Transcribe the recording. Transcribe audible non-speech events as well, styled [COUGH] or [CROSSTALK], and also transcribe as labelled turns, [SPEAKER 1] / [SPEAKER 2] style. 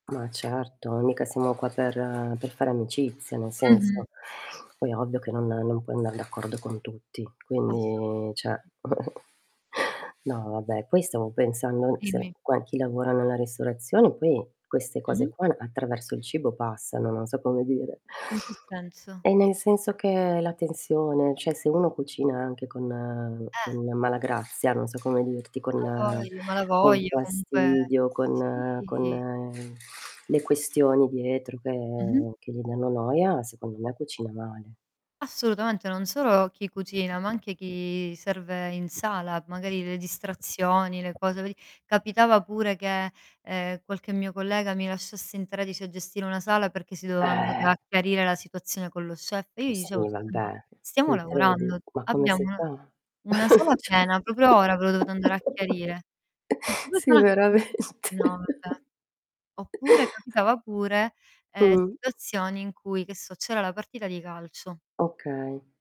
[SPEAKER 1] Ma certo, mica siamo qua per per fare amicizia, nel senso.
[SPEAKER 2] Mh-mh.
[SPEAKER 1] Poi è ovvio che non non puoi andar d'accordo con tutti,
[SPEAKER 2] Assolutamente.
[SPEAKER 1] quindi cioè [CHUCKLES] No, vabbè, poi stavo pensando se
[SPEAKER 2] Dimmi.
[SPEAKER 1] quan chi lavora nella ristorazione, poi queste cose
[SPEAKER 2] Mh-mh.
[SPEAKER 1] qua, attraverso il cibo passano, non so come dire.
[SPEAKER 2] In che senso?
[SPEAKER 1] E nel senso che hai la tensione cioè se uno cucina anche con
[SPEAKER 2] Eh.
[SPEAKER 1] con malagrazia, non so come dirti,
[SPEAKER 2] A
[SPEAKER 1] con
[SPEAKER 2] vogli ma la
[SPEAKER 1] con
[SPEAKER 2] voglio comunque
[SPEAKER 1] fastidio, con
[SPEAKER 2] sì.
[SPEAKER 1] con le questioni dietro
[SPEAKER 2] Mh-mh.
[SPEAKER 1] che che gli danno noia, secondo me cucina male.
[SPEAKER 2] Assolutamente, non solo chi cucina, ma anche chi serve in sala. Magari le distrazioni, le cose veri capitava pure che, ehm, qualche mio collega mi lasciasse in 13 a gestire una sala, perché si doveva andare
[SPEAKER 1] Eh.
[SPEAKER 2] a chiarire la situazione con lo chef e io
[SPEAKER 1] Ma
[SPEAKER 2] gli dicevo:
[SPEAKER 1] sì,
[SPEAKER 2] "Scusa, ma
[SPEAKER 1] vabbè.
[SPEAKER 2] stiamo
[SPEAKER 1] Mi credi?
[SPEAKER 2] lavorando.
[SPEAKER 1] Ma come
[SPEAKER 2] Abbiamo
[SPEAKER 1] si
[SPEAKER 2] una
[SPEAKER 1] fa?
[SPEAKER 2] una sala
[SPEAKER 1] [CHUCKLES] Cioè
[SPEAKER 2] piena. Proprio ora ve lo dovete andare a
[SPEAKER 1] [CHUCKLES]
[SPEAKER 2] chiarire?"
[SPEAKER 1] sì,
[SPEAKER 2] [UNINTELLIGIBLE]
[SPEAKER 1] veramente.
[SPEAKER 2] no, vabbè. Oppure
[SPEAKER 1] [CHUCKLES]
[SPEAKER 2] capitava pure, ehm,
[SPEAKER 1] Mh.
[SPEAKER 2] situazioni in cui, che so, c'era la partita di calcio.
[SPEAKER 1] Okay.